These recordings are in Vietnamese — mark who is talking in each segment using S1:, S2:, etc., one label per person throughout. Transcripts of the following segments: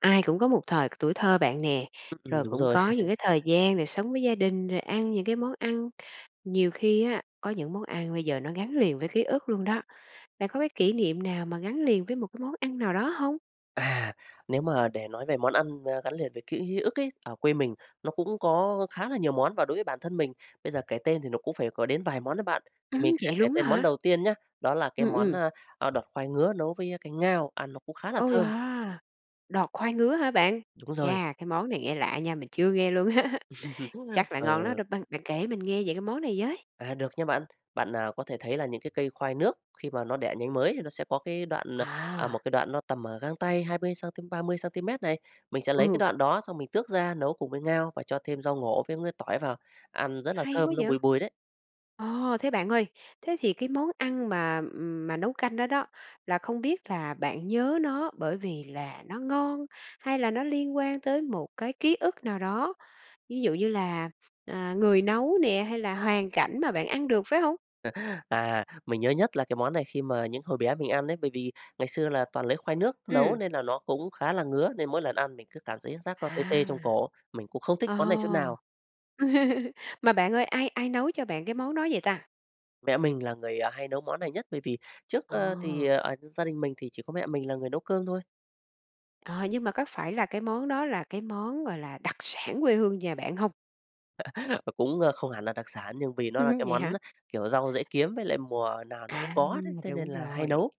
S1: Ai cũng có một thời tuổi thơ bạn nè,
S2: Ừm,
S1: rồi
S2: đúng
S1: cũng
S2: rồi!
S1: có những cái thời gian được sống với gia đình rồi ăn những cái món ăn. Nhiều khi á có những món ăn bây giờ nó gắn liền với ký ức luôn đó! Bạn có cái kỷ niệm nào mà gắn liền với một cái món ăn nào đó hông?
S2: À, nếu mà để nói về món ăn, a, gắn liền với ký ức ấy, ở quê mình nó cũng có khá là nhiều món, và đối với bản thân mình bây giờ kể tên thì nó cũng phải có đến vài món đó bạn. Thì mình
S1: Ừm,
S2: sẽ
S1: vậy
S2: kể
S1: luôn á
S2: tên món
S1: hả?
S2: đầu tiên nhá, đó là
S1: Ừ,
S2: cái món,
S1: ừm.
S2: a, đọt khoai ngứa nấu với canh ngao, ăn nó cũng khá là
S1: Ô
S2: thơm.
S1: yeah đọt khoai ngứa hả bạn?
S2: Đúng rồi.
S1: Chà, cái món này nghe lạ nha, mình chưa nghe luôn á. Chắc là ngon lắm
S2: Ờ.
S1: đó, b bạn kể mình nghe về món này với.
S2: À, được nha bạn. Bạn, à, có thể thấy là những cái cây khoai nước khi mà nó đẻ nhánh mới nó sẽ có cái đoạn, à, một
S1: À.
S2: cái đoạn nó tầm, ờ, gang tay 20 xăng-ti, 30 xăng-ti-mét này. Mình sẽ lấy cái
S1: Ừ.
S2: đoạn đó xong mình tước ra nấu cùng với ngao và cho thêm rau ngổ với miếng tỏi vào, ăn rất là
S1: Hay quá
S2: thơm nó
S1: vậy!
S2: bùi bùi đấy.
S1: Ồ, thế bạn ơi, thế thì cái món ăn mà, ừm, mà nấu canh đó đó, là không biết là bạn nhớ nó bởi vì là nó ngon hay là nó liên quan tới một cái ký ức nào đó? Ví dụ như là, à, người nấu nè, hay là hoàn cảnh mà bạn ăn được, phải hông?
S2: À, mình nhớ nhất là cái món này khi mà những hồi bé mình ăn ấy. Bởi vì ngày xưa là toàn lấy khoai nước nấu
S1: Ừm!
S2: nên là nó cũng khá là ngứa, nên mỗi lần ăn mình cứ cảm thấy giác nó tê tê
S1: À,
S2: trong cổ, mình cũng không thích
S1: ồ.
S2: món này chút nào.
S1: Mà bạn ơi, ai ai nấu cho bạn cái món đó vậy ta?
S2: Mẹ mình là người, à, hay nấu món này nhất. Bởi vì trước,
S1: Ờ.
S2: ơ, thì ờ như gia đình mình thì chỉ có mẹ mình là người nấu cơm thôi.
S1: Ờ, nhưng mà có phải là cái món đó là cái món gọi là đặc sản quê hương nhà bạn hông?
S2: Cũng, ơ, không hẳn là đặc sản nhưng vì nó
S1: Ừ
S2: là
S1: hứ,
S2: cái
S1: vậy
S2: món
S1: hả?
S2: kiểu rau dễ kiếm với lại mùa nào nó cũng
S1: À,
S2: có đấy, thế nên
S1: đúng
S2: là hay
S1: rồi.
S2: nấu.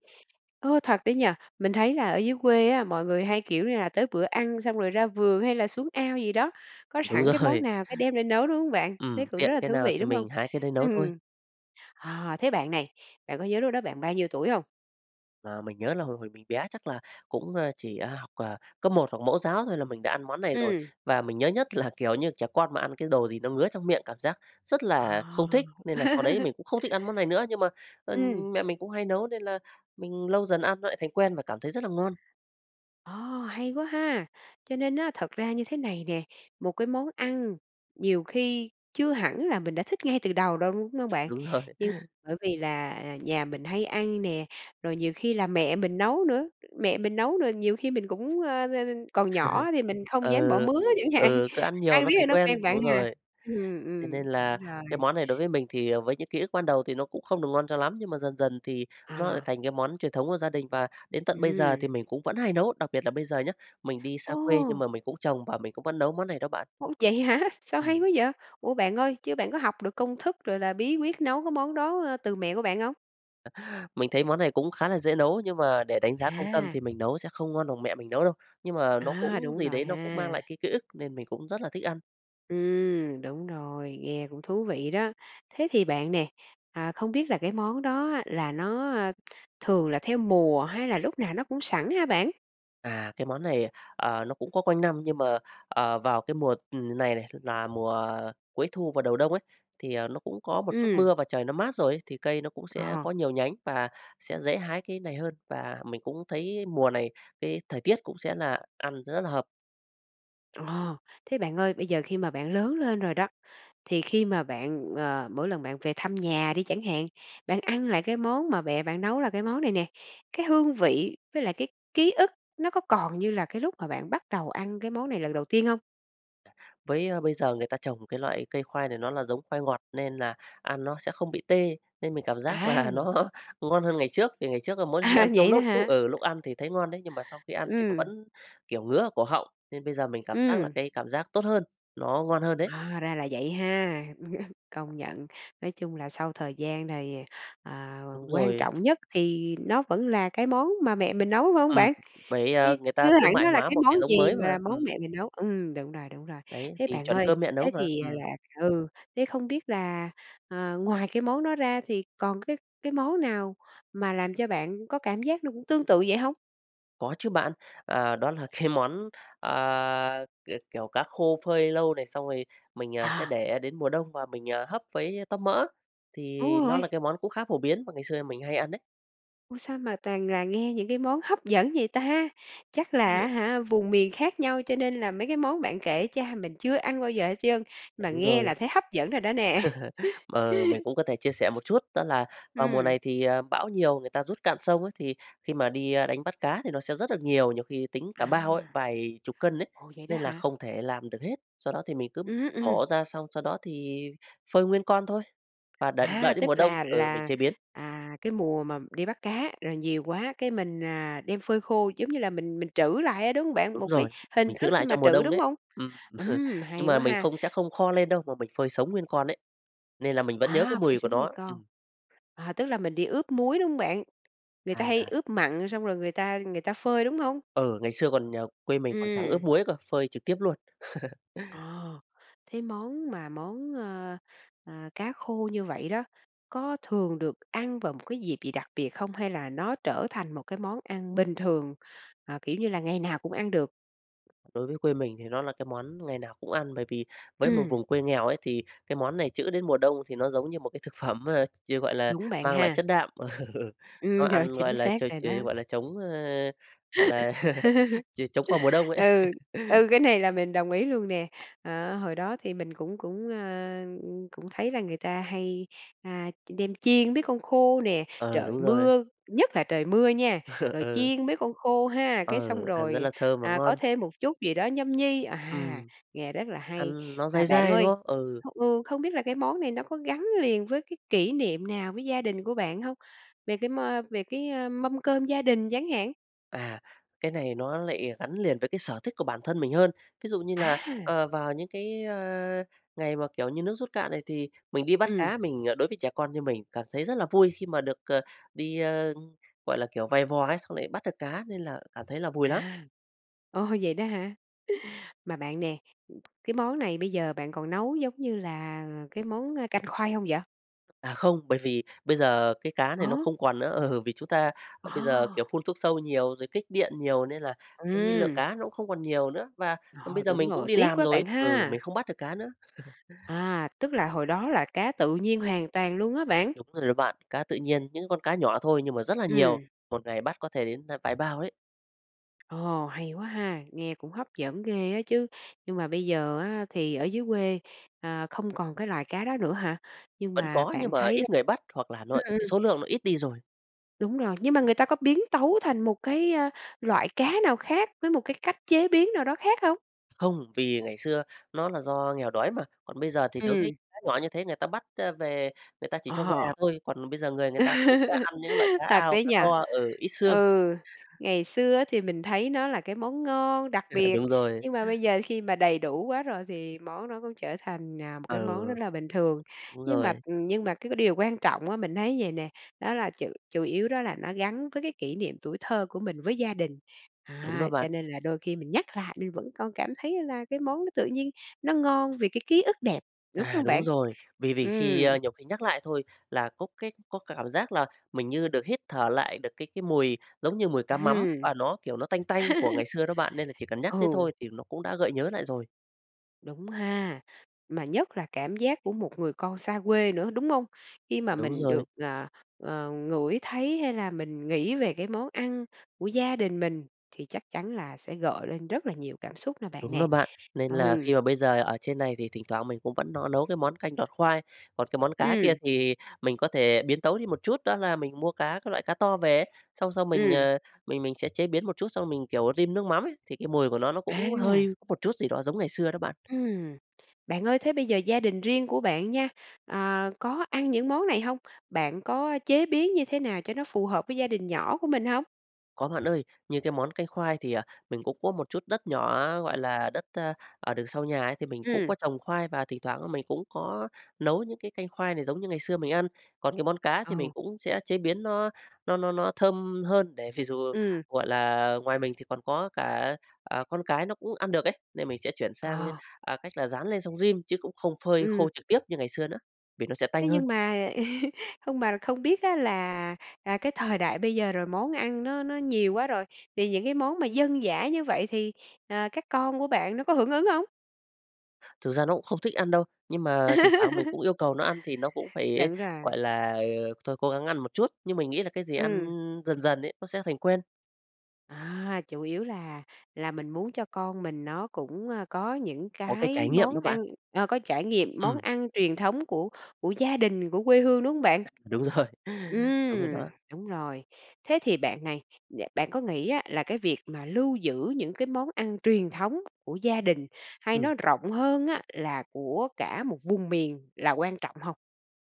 S1: Ô, thật đấy nhỉ! Mình thấy là ở dưới quê á mọi người hay, kiểu, như là tới bữa ăn, xong rồi ra vườn hay là xuống ao gì đó. Có
S2: Đúng
S1: sẵn cái món
S2: rồi.
S1: nào cái đem ra nấu, đúng không bạn? Thế
S2: Ừm,
S1: cũng
S2: tiện
S1: rất là
S2: cái
S1: thú
S2: nào
S1: vị
S2: thì
S1: đúng không?
S2: mình hái cái đấy nấu thôi.
S1: Ừm. À thế bạn này, bạn có nhớ lúc đó bạn bao nhiêu tuổi hông?
S2: Mà mình nhớ là hồi hồi mình bé chắc là cũng, a, chỉ học, à, cấp 1 hoặc mẫu giáo thôi là mình đã ăn món này rồi.
S1: Ừm.
S2: Và mình nhớ nhất là, kiểu, như trẻ con mà ăn cái đồ gì nó ngứa trong miệng cảm giác rất là
S1: À!
S2: không thích. Nên là sau đấy mình cũng không thích ăn món này nữa nhưng mà, ơ,
S1: Ừm.
S2: mẹ mình cũng hay nấu nên là mình lâu dần ăn nó lại thành quen và cảm thấy rất là ngon.
S1: Ồ, hay quá ha! Cho nên á, thật ra như thế này nè, một cái món ăn nhiều khi chưa hẳn là mình đã thích ngay từ đầu đâu, đúng không bạn?
S2: Đúng rồi.
S1: Nhưng bởi vì là, à, nhà mình hay ăn nè, rồi nhiều khi là mẹ mình nấu nữa, mẹ mình nấu rồi nhiều khi mình cũng, ơ, ơ, còn nhỏ thì mình không dám bỏ
S2: Ừ,
S1: mứa chẳng hạn.
S2: ừ, cứ ăn nhiều
S1: Ăn
S2: nó
S1: riết
S2: thành
S1: rồi nó quen
S2: quen.
S1: bạn
S2: Đúng
S1: ha?
S2: rồi,
S1: Ừm,
S2: thế
S1: ừm,
S2: nên
S1: đúng
S2: là
S1: rồi.
S2: cái món này đối với mình thì, ờ, với những ký ức ban đầu thì nó cũng không được ngon cho lắm nhưng mà dần dần thì nó lại
S1: À.
S2: thành cái món truyền thống của gia đình và đến tận bây giờ
S1: Ừm.
S2: thì mình cũng vẫn hay nấu. Đặc biệt là bây giờ nhá, mình đi xa quê nhưng
S1: Ô!
S2: mà mình cũng trồng và mình cũng vẫn nấu món này đó bạn.
S1: Ô, vậy hả? Sao hay
S2: Ừm.
S1: quá vậy? Ủa bạn ơi, chứ bạn có học được công thức, rồi là bí quyết nấu cái món đó từ mẹ của bạn không?
S2: Mình thấy món này cũng khá là dễ nấu, nhưng mà để đánh giá công tâm
S1: À.
S2: thì mình nấu sẽ không ngon bằng mẹ mình nấu đâu, nhưng mà nó
S1: À,
S2: cũng
S1: đúng
S2: gì
S1: rồi
S2: đấy, nó cũng mang
S1: ha.
S2: lại cái ký ức nên mình cũng rất là thích ăn.
S1: Ừm, đúng rồi, nghe cũng thú vị đó. Thế thì bạn nè, à, không biết là cái món đó á là nó, a, thường là theo mùa hay là lúc nào nó cũng sẵn hả bạn?
S2: À, cái món này, ờ, nó cũng có quanh năm nhưng mà, ờ, vào cái mùa, ừ, này này là mùa cuối thu và đầu đông ấy, thì, à, nó cũng có một chút
S1: Ừm.
S2: mưa và trời nó mát rồi ấy, thì cây nó cũng sẽ
S1: Ờ.
S2: có nhiều nhánh và sẽ dễ hái cái này hơn. Và mình cũng thấy mùa này cái thời tiết cũng sẽ là ăn rất hợp.
S1: Ờ. Thế bạn ơi, bây giờ khi mà bạn lớn lên rồi đó, thì khi mà bạn, ờ, mỗi lần bạn về thăm nhà đi chẳng hạn, bạn ăn lại cái món mà mẹ bạn nấu là cái món này nè, cái hương vị với lại cái ký ức nó có còn như là cái lúc mà bạn bắt đầu ăn cái món này lần đầu tiên hông?
S2: Với bây giờ người ta trồng cái loại cây khoai này nó là giống khoai ngọt nên là ăn nó sẽ không bị tê nên mình cảm giác
S1: À.
S2: là nó ngon hơn ngày trước, vì ngày trước là mỗi khi ăn
S1: À,
S2: xong
S1: vậy đó
S2: lúc lúc,
S1: hả?
S2: ừ, lúc ăn thì thấy ngon đấy, nhưng mà sau khi ăn thì nó
S1: Ừm.
S2: vẫn kiểu ngứa ở cổ họng, nên bây giờ mình cảm giác là
S1: Ừm.
S2: cái cảm giác tốt hơn, nó ngon hơn đấy.
S1: Ờ, ra là vậy ha, công nhận! Nói chung là sau thời gian này, à,
S2: Đúng
S1: quan
S2: rồi.
S1: trọng nhất thì nó vẫn là cái món mà mẹ mình nấu, phải hông
S2: Ừm.
S1: bạn?
S2: Bởi,
S1: Ư,
S2: à, người ta
S1: chưa
S2: thương
S1: hẳn
S2: mại
S1: nó là
S2: hóa
S1: cái
S2: một
S1: món
S2: cái giống
S1: gì
S2: mới mà,
S1: mà món
S2: ừm.
S1: mẹ mình nấu? Ừm, đúng rồi, đúng rồi.
S2: Đấy,
S1: Thế
S2: thì
S1: bạn
S2: chuẩn
S1: ơi
S2: cơm mẹ nấu
S1: thế
S2: mà,
S1: thì
S2: ừm.
S1: là ừ, thế không biết là, à, ngoài cái món đó ra thì còn cái cái món nào mà làm cho bạn có cảm giác nó cũng tương tự vậy hông?
S2: Có chứ bạn. À, đó là cái món, à, k kiểu cá khô phơi lâu này, xong rồi mình, à, sẽ
S1: À.
S2: để đến mùa đông và mình, à, hấp với tóp mỡ,
S1: Đúng
S2: thì nó là
S1: rồi.
S2: cái món cũng khá phổ biến mà ngày xưa mình hay ăn đấy.
S1: Ôi sao mà toàn là nghe những cái món hấp dẫn vậy ta? Chắc là, á
S2: [unintelligible]
S1: hả, vùng miền khác nhau cho nên là mấy cái món bạn kể cha mình chưa ăn bao giờ hết trơn, mà
S2: Đúng
S1: nghe
S2: rồi.
S1: là thấy hấp dẫn rồi đó nè!
S2: Ờ, mình cũng có thể chia sẻ một chút đó là vào mùa
S1: Ừm.
S2: này thì, à, bão nhiều người ta rút cạn sông ấy, thì khi mà đi, a, đánh bắt cá, thì nó sẽ rất được nhiều, nhiều khi tính cả bao ấy,
S1: À!
S2: vài chục cân ấy.
S1: Ồ, vậy đó
S2: Nên là
S1: hả?
S2: không thể làm được hết, sau đó thì mình cứ
S1: Ừm, ừm.
S2: mổ ra xong sau đó thì phơi nguyên con thôi, và đợi
S1: A,
S2: đợi đến
S1: tức
S2: mùa đông
S1: là
S2: ừ, mình
S1: là,
S2: chế biến.
S1: à, cái mùa mà đi bắt cá, rồi nhiều quá cái mình, à, đem phơi khô giống như là mình mình trữ lại á, đúng hông bạn?
S2: Đúng
S1: Một cái
S2: rồi,
S1: hình
S2: mình giữ
S1: thức khi
S2: lại
S1: mà
S2: trong mùa
S1: trữ,
S2: đông
S1: đúng
S2: đấy.
S1: không?
S2: Ừm,
S1: Ừm,
S2: nhưng
S1: hay
S2: mà
S1: quá
S2: mình
S1: ha!
S2: không sẽ không kho lên đâu mà mình phơi sống nguyên con đấy nên là mình vẫn nhớ cái
S1: À, phải
S2: mùi của
S1: xuống nguyên
S2: nó,
S1: con.
S2: ừm.
S1: À, tức là mình đi ướp muối, đúng hông bạn? Người ta hay
S2: À.
S1: ướp mặn xong rồi người ta người ta phơi, đúng không?
S2: Ừ, ngày xưa còn nhờ quê mình còn chẳng ướp
S1: Ừm.
S2: muối cơ, phơi trực tiếp luôn.
S1: Ồ, thế món mà món, ơ, ờ, cá khô như vậy đó có thường được ăn vào một cái dịp gì đặc biệt không? Hay là nó trở thành một cái món ăn bình thường, à, kiểu như là ngày nào cũng ăn được?
S2: Đối với quê mình thì nó là cái món ngày nào cũng ăn, bởi vì với một
S1: Ừm.
S2: vùng quê nghèo ấy thì cái món này trữ đến mùa đông thì nó giống như một thực phẩm mà, ch gọi là
S1: Đúng bạn
S2: mang lại
S1: ha.
S2: chất đạm. Ừ, nó
S1: Ừm, ch
S2: ăn gọi
S1: chính
S2: là
S1: xác
S2: ch
S1: rồi
S2: ch
S1: đó.
S2: ờ, gọi là, chống, a, gọi là ch chống qua mùa đông ấy.
S1: Ừ. Ừ, cái này là mình đồng ý luôn nè. Ờ, hồi đó thì mình cũng cũng, a, cũng thấy là người ta hay, a, đem chiên mấy con khô nè.
S2: Ờ,
S1: Trời
S2: đúng rồi.
S1: mưa nhất là trời mưa nha, rồi
S2: Ừ.
S1: chiên mấy con khô ha, cái
S2: Ừ,
S1: xong
S2: ăn rất
S1: rồi,
S2: là thơm và
S1: à, có
S2: ngon.
S1: thêm một chút gì đó nhâm nhi. À,
S2: Ừm.
S1: nghe rất là hay.
S2: Ăn nó
S1: Và
S2: dai
S1: bạn
S2: dai, đúng
S1: ơi,
S2: không? Ừ.
S1: ừ, không biết là cái món này nó có gắn liền với cái kỷ niệm nào với gia đình của bạn hông? Về cái mơ về cái, ơ, mâm cơm gia đình chẳng hạn?
S2: À, cái này nó lại, ờ, gắn liền với cái sở thích của bản thân mình hơn. Ví dụ như là,
S1: À.
S2: ờ, vào những cái, ơ, ngày mà, kiểu như, nước rút cạn này, thì mình đi bắt
S1: Ừm.
S2: cá mình ờ, đối với trẻ con như mình cảm thấy rất là vui khi mà được, ờ, đi, ơ, gọi là, kiểu, vày vò ấy, xong lại bắt được cá nên là cảm thấy là vui lắm.
S1: À. Ôi vậy đó hả? Mà bạn nè, ừ, cái món này bây giờ bạn còn nấu giống như là cái món, ơ, canh khoai không vậy?
S2: À, không, bởi vì bây giờ cái cá này
S1: Ờ.
S2: nó không còn nữa. Ừ, vì chúng ta, ơ, bây giờ, kiểu,
S1: Ờ.
S2: phun thuốc sâu nhiều rồi kích điện nhiều nên là cái lượng
S1: Ừm.
S2: cá nó cũng không còn nhiều nữa và, ừ,
S1: Rồi,
S2: bây giờ
S1: đúng
S2: mình cũng
S1: rồi
S2: đi
S1: tiếc
S2: làm
S1: quá
S2: rồi ấy
S1: bạn
S2: ừ,
S1: ha.
S2: mình không bắt được cá nữa.
S1: À, tức là hồi đó là cá tự nhiên hoàn toàn luôn hả bạn?
S2: Đúng rồi đấy bạn, cá tự nhiên, những con cá nhỏ thôi nhưng mà rất là nhiều,
S1: Ừm.
S2: một ngày bắt có thể đến, ơ, vài bao đấy.
S1: Ồ, hay quá ha, nghe cũng hấp dẫn ghê á chứ. Nhưng mà bây giờ á thì ở dưới quê, ờ, không còn cái loài cá đó nữa hả? Nhưng
S2: Vẫn
S1: mà
S2: có nhưng
S1: bạn
S2: mà
S1: thấy l
S2: ít người bắt hoặc là
S1: ừm,
S2: nội cái
S1: ừm.
S2: số lượng nó ít đi rồi.
S1: Đúng rồi, nhưng mà người ta có biến tấu thành một cái, ơ, loại cá nào khác với một cái cách chế biến nào đó khác không?
S2: Không, vì ngày xưa nó là do nghèo đói mà, còn bây giờ thì đối với
S1: Ừm.
S2: cá nhỏ như thế người ta bắt, ơ, về người ta chỉ cho
S1: Ờ.
S2: gà thôi, còn bây giờ người người ta cũng sẽ ăn những loại cá
S1: Thật
S2: ao,
S1: đấy
S2: cá
S1: nhỉ?
S2: to ờ, ít xương.
S1: Ừ, ngày xưa á thì mình thấy nó là cái món ngon đặc biệt
S2: Đúng rồi.
S1: nhưng mà bây giờ khi mà đầy đủ quá rồi thì món nó cũng trở thành, à, một cái
S2: Ờ,
S1: món rất là bình thường.
S2: đúng
S1: Nhưng mà
S2: rồi.
S1: ừm, nhưng mà cái cái điều quan trọng á, mình thấy vầy nè, đó là chủ chủ yếu đó là nó gắn với cái kỷ niệm tuổi thơ của mình với gia đình. Đó,
S2: Đúng đó
S1: cho
S2: bạn.
S1: nên là đôi khi mình nhắc lại mình vẫn còn cảm thấy là cái món nó tự nhiên nó ngon vì cái ký ức đẹp, đúng
S2: À,
S1: không
S2: đúng
S1: bạn?
S2: rồi. Vì vì khi
S1: Ừm.
S2: ơ, nhiều khi nhắc lại thôi là có cái có cả cảm giác là mình như được hít thở lại được cái cái mùi giống như mùi cá mắm
S1: Hừm.
S2: và nó, kiểu, nó tanh tanh của ngày xưa đó bạn, nên là chỉ cần nhắc tới thôi
S1: Ừ.
S2: thì nó cũng đã gợi nhớ lại rồi.
S1: Đúng ha. Mà nhất là cảm giác của một người con xa quê nữa, đúng hông? Khi mà
S2: Đúng
S1: mình được,
S2: rồi.
S1: à, à, ngửi thấy hay là mình nghĩ về cái món ăn của gia đình mình thì chắc chắn là sẽ gợi lên rất là nhiều cảm xúc nè bạn
S2: Đúng đó
S1: nè.
S2: bạn. Nên là khi
S1: Ừm.
S2: mà bây giờ ở trên này thì thỉnh thoảng mình cũng vẫn nó nấu cái món canh đọt khoai. Còn cái món cá kia
S1: Ừm.
S2: thì mình có thể biến tấu đi một chút đó là mình mua cá các loại cá to về ấy, xong sau mình,
S1: Ừm.
S2: ờ, mình mình sẽ chế biến một chút xong mình, kiểu, rim nước mắm ấy, thì cái mùi của nó, nó cũng hơi
S1: À.
S2: có một chút gì đó giống ngày xưa đó bạn.
S1: Ừm. Bạn ơi thế bây giờ gia đình riêng của bạn nha, à, có ăn những món này hông? Bạn có chế biến như thế nào cho nó phù hợp với gia đình nhỏ của mình hông?
S2: Có bạn ơi. Như cái món canh khoai thì, à, mình cũng có một chút đất nhỏ, gọi là, đất, ơ, ở đường sau nhà ấy thì mình cũng
S1: Ừm.
S2: có trồng khoai và thỉnh thoảng á mình cũng có nấu những cái canh khoai này giống như ngày xưa mình ăn. Còn cái món cá thì
S1: Ờ.
S2: mình cũng sẽ chế biến nó nó nó nó thơm hơn để vì dù,
S1: Ừm.
S2: gọi là, ngoài mình thì còn có cả, à, con cái nó cũng ăn được ấy, nên mình sẽ chuyển sang, ơ,
S1: Ờ.
S2: à, cách là rán lên xong rim, chứ cũng không phơi khô
S1: Ừm.
S2: trực tiếp như ngày xưa nữa vì nó sẽ
S1: Thế
S2: tanh hơn.
S1: nhưng mà không bà không biết á là, à, cái thời đại bây giờ rồi món ăn nó nó nhiều quá rồi thì những cái món mà dân dã như vậy thì, ờ, các con của bạn nó có hưởng ứng hông?
S2: Thực ra nó cũng không thích ăn đâu, nhưng mà thỉnh thoảng mình cũng yêu cầu nó ăn thì nó cũng phải,
S1: Đúng rồi.
S2: gọi là, ờ, thôi cố gắng ăn một chút, nhưng mình nghĩ là cái gì ăn
S1: Ừm.
S2: dần dần ấy nó sẽ thành quen.
S1: À, chủ yếu là là mình muốn cho con mình nó cũng, ơ, có những
S2: Có cái trải
S1: cái
S2: nghiệm đó
S1: món
S2: bạn.
S1: ăn ờ, có trải nghiệm món
S2: Ừm.
S1: ăn truyền thống của của gia đình, của quê hương, đúng hông bạn?
S2: Đúng rồi, đúng rồi
S1: Ừm.
S2: đó.
S1: Đúng rồi. Thế thì bạn này, đ bạn có nghĩ á là cái việc mà lưu giữ những cái món ăn truyền thống của gia đình hay
S2: Ừm.
S1: nói rộng hơn á là của cả một vùng miền là quan trọng hông?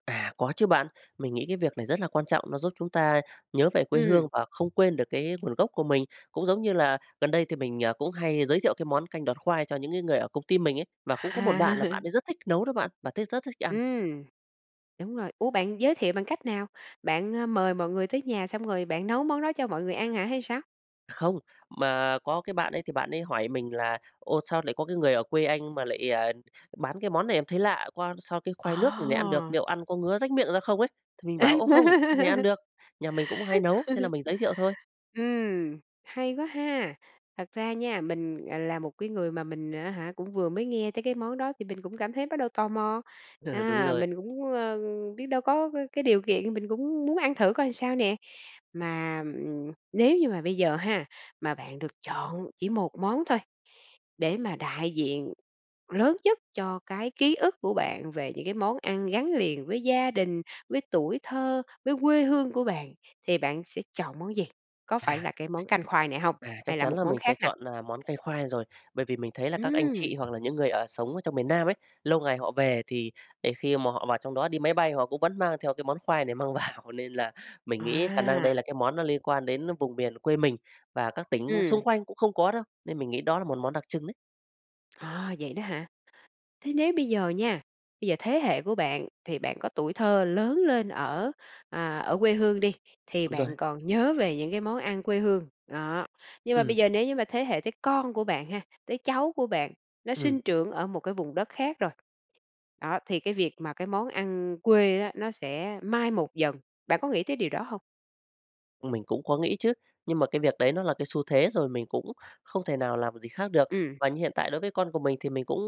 S2: À, có chứ bạn. Mình nghĩ cái việc này rất là quan trọng, nó giúp chúng ta nhớ về quê hương
S1: Ừm.
S2: và không quên được cái nguồn gốc của mình. Cũng giống như là gần đây thì mình, à, cũng hay giới thiệu cái món canh đọt khoai cho những cái người ở công ty mình ấy và cũng có một bạn là bạn
S1: À.
S2: ấy rất thích nấu đó bạn và thấy rất thích ăn.
S1: Ừm. Đúng rồi. Ủa, bạn giới thiệu bằng cách nào? Bạn, ơ, mời mọi người tới nhà xong rồi bạn nấu món đó cho mọi người ăn hả hay sao?
S2: Không. Mà có cái bạn ấy thì bạn ấy hỏi mình là: "Ô, sao lại có cái người ở quê anh mà lại, à, bán cái món này em thấy lạ qua, sao cái cái khoai nước n này ăn được,
S1: Ờ.
S2: liệu ăn có ngứa rách miệng ra không ấy?" Thì mình bảo: "Ô, không, cái này ăn được, nhà mình cũng hay nấu." Thế là mình giới thiệu thôi.
S1: Ừm, hay quá ha. Thật ra nha, mình, ờ, là một cái người mà mình á hả cũng vừa mới nghe thấy cái món đó, thì mình cũng cảm thấy bắt đầu tò mò.
S2: Ừ, đúng
S1: À,
S2: rồi.
S1: mình cũng, ơ, biết đâu có c cái điều kiện mình cũng muốn ăn thử coi sao nè. Mà, ừm, nếu như mà bây giờ ha, mà bạn được chọn chỉ một món thôi để mà đại diện lớn nhất cho cái ký ức của bạn về những cái món ăn gắn liền với gia đình, với tuổi thơ, với quê hương của bạn thì bạn sẽ chọn món gì? Có phải
S2: À.
S1: là cái món canh khoai này hông?
S2: À,
S1: Hay
S2: chắc
S1: là
S2: chắn
S1: một
S2: là
S1: món
S2: mình sẽ
S1: khác nào?
S2: chọn, à, món canh khoai rồi. Bởi vì mình thấy là các anh chị
S1: Ừm.
S2: hoặc là những người ở sống ở trong miền Nam ấy, lâu ngày họ về thì đến khi mà họ vào trong đó, đi máy bay họ cũng vẫn mang theo cái món khoai này mang vào, nên là mình nghĩ khả năng đây
S1: À.
S2: là cái món nó liên quan đến, ơ, vùng biển quê mình và các tỉnh
S1: Ừm.
S2: xung quanh cũng không có đâu. Nên mình nghĩ đó là một món đặc trưng đấy.
S1: Ờ, vậy đó hả? Thế nếu bây giờ nha, bây giờ thế hệ của bạn thì bạn có tuổi thơ lớn lên ở, à, ở quê hương đi thì
S2: Đúng rồi.
S1: bạn còn nhớ về những cái món ăn quê hương. Đó, nhưng mà
S2: Ừm.
S1: bây giờ nếu như mà thế hệ tới con của bạn ha, tới cháu của bạn, nó
S2: Ừm.
S1: sinh trưởng ở một cái vùng đất khác rồi đó, thì cái việc mà cái món ăn quê á nó sẽ mai một dần. Bạn có nghĩ tới điều đó hông?
S2: Ừ, mình cũng có nghĩ chứ. Nhưng mà cái việc đấy nó là cái xu thế rồi, mình cũng không thể nào làm được gì khác được.
S1: Ừm.
S2: Và như hiện tại đối với con của mình thì mình cũng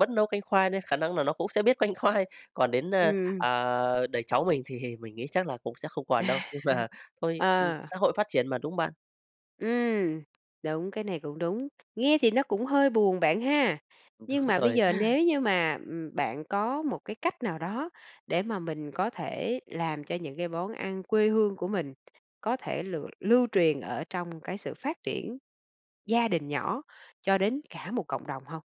S2: vẫn nấu canh khoai nên khả năng là nó cũng sẽ biết canh khoai. Còn đến, ơ,
S1: Ừm.
S2: à, đời cháu mình thì mình nghĩ chắc là cũng sẽ không còn đâu, nhưng mà thôi, ừ,
S1: Ờ.
S2: xã hội phát triển mà, đúng không bạn?
S1: Ừm. Đúng, cái này cũng đúng. Nghe thì nó cũng hơi buồn bạn ha,
S2: Đúng
S1: nhưng mà bây
S2: rồi.
S1: giờ nếu như mà, ừm, bạn có một cái cách nào đó để mà mình có thể làm cho những món ăn quê hương của mình có thể lựa lưu truyền ở trong cái sự phát triển gia đình nhỏ cho đến cả một cộng đồng hông?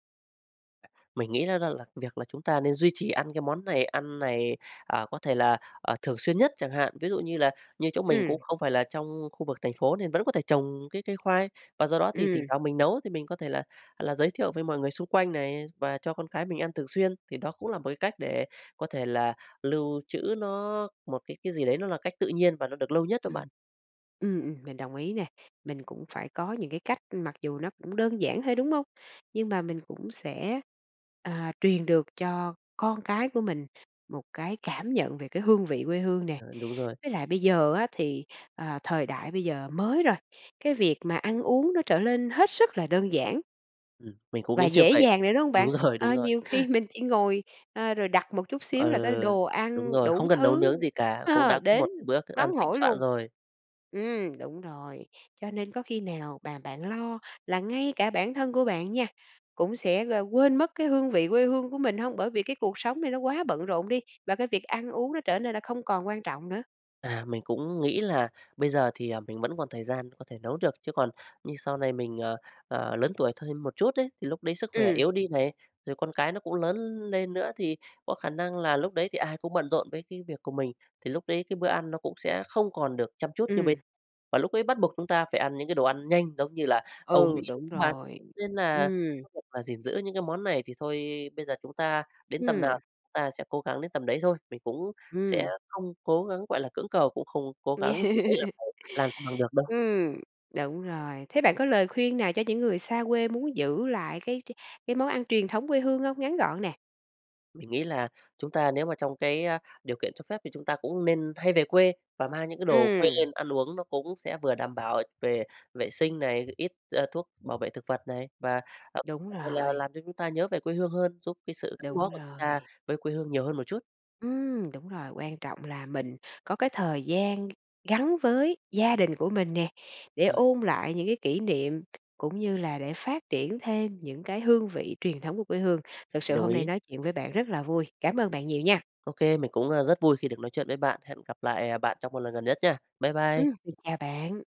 S2: Mình nghĩ nó nó là việc là chúng ta nên duy trì ăn cái món này ăn này, à, có thể là, ờ, thường xuyên nhất chẳng hạn. Ví dụ như là như chỗ mình cũng
S1: Ừm.
S2: không phải là trong khu vực thành phố nên vẫn có thể trồng cái cây khoai. Và do đó thì thỉnh
S1: Ừm.
S2: thoảng mình nấu thì mình có thể là là giới thiệu với mọi người xung quanh này, và cho con cái mình ăn thường xuyên, thì đó cũng là một cách để có thể là lưu trữ nó một cái cái gì đấy nó là cách tự nhiên và được lâu nhất đó bạn.
S1: Ừm. Ừm, ừm, mình đồng ý nè. Mình cũng phải có những cái cách mặc dù nó cũng đơn giản thôi, đúng hông? Nhưng mà mình cũng sẽ, à, truyền được cho con cái của mình một cái cảm nhận về cái hương vị quê hương nè.
S2: Ờ, đúng rồi.
S1: Với lại bây giờ á thì, ờ, thời đại bây giờ mới rồi, cái việc mà ăn uống nó trở lên hết sức là đơn giản
S2: Ừm, mình cũng
S1: và
S2: nghĩ như
S1: dễ
S2: vậy.
S1: dàng rồi, đúng hông bạn?
S2: Đúng rồi, đúng
S1: Ờ,
S2: rồi.
S1: nhiều khi mình chỉ ngồi, ờ, rồi đặt một chút
S2: Ờ,
S1: xíu là có đồ
S2: đúng
S1: ăn
S2: rồi,
S1: đủ
S2: không cần nấu
S1: thứ
S2: nướng gì cả cũng
S1: ờ,
S2: đã có một
S1: đến
S2: bữa thức ăn
S1: nóng
S2: thịnh
S1: hổi
S2: soạn
S1: luôn.
S2: rồi.
S1: Ừm, đúng rồi. Cho nên có khi nào bà bạn lo là ngay cả bản thân của bạn nha cũng sẽ g quên mất cái hương vị quê hương của mình hông? Bởi vì cái cuộc sống này nó quá bận rộn đi và cái việc ăn uống nó trở nên là không còn quan trọng nữa?
S2: À, mình cũng nghĩ là bây giờ thì, à, mình vẫn còn thời gian có thể nấu được. Chứ còn như sau này mình, à, à, lớn tuổi thêm một chút đấy, thì lúc đấy sức khỏe
S1: Ừm.
S2: yếu đi này, rồi con cái nó cũng lớn lên nữa thì có khả năng là lúc đấy thì ai cũng bận rộn với cái việc của mình, thì lúc đấy cái bữa ăn nó cũng sẽ không còn được chăm chút như bên.
S1: Ừm.
S2: Và lúc ấy bắt buộc chúng ta phải ăn những cái đồ ăn nhanh giống như là Âu
S1: Ừ,
S2: Mỹ đúng
S1: đúng
S2: [unintelligible]
S1: rồi.
S2: nên là
S1: Ừm.
S2: [unintelligible] và gìn giữ những cái món này thì thôi, bây giờ chúng ta đến tầm nào
S1: Ừm.
S2: ta sẽ cố gắng đến tầm đấy thôi. Mình cũng sẽ
S1: Ừm.
S2: không cố gắng, gọi là, cưỡng cầu, cũng không cố gắng gì đấy là phải làm cho bằng được đâu.
S1: Ừm. Đúng rồi. Thế bạn có lời khuyên nào cho những người xa quê muốn giữ lại cái cái cái món ăn truyền thống quê hương hông? Ngắn gọn nè.
S2: Mình nghĩ là chúng ta nếu mà trong cái, a, điều kiện cho phép thì chúng ta cũng nên hay về quê và mang những cái đồ quê
S1: Ừm.
S2: lên ăn uống. Nó cũng sẽ vừa đảm bảo về vệ sinh này, ít, ơ, thuốc bảo vệ thực vật này và [unintelligible]
S1: Đúng
S2: là
S1: rồi.
S2: làm cho chúng ta nhớ về quê hương hơn, giúp cái sự gắn
S1: Đúng
S2: bó của chúng ta
S1: rồi.
S2: với quê hương nhiều hơn một chút.
S1: Ừm, đúng rồi, quan trọng là mình có cái thời gian g gắn với gia đình của mình nè, để
S2: Rồi.
S1: ôn lại những cái kỷ niệm, cũng như là để phát triển thêm những cái hương vị truyền thống của quê hương. Thật
S2: Mình
S1: sự
S2: đồng
S1: hôm nay
S2: ý.
S1: nói chuyện với bạn rất là vui. Cám ơn bạn nhiều nha.
S2: Ô kê, mình cũng, ơ, rất vui khi được nói chuyện với bạn. Hẹn gặp lại, ờ, bạn trong một lần gần nhất nha. Bye bye.
S1: Ừm, mình chào bạn.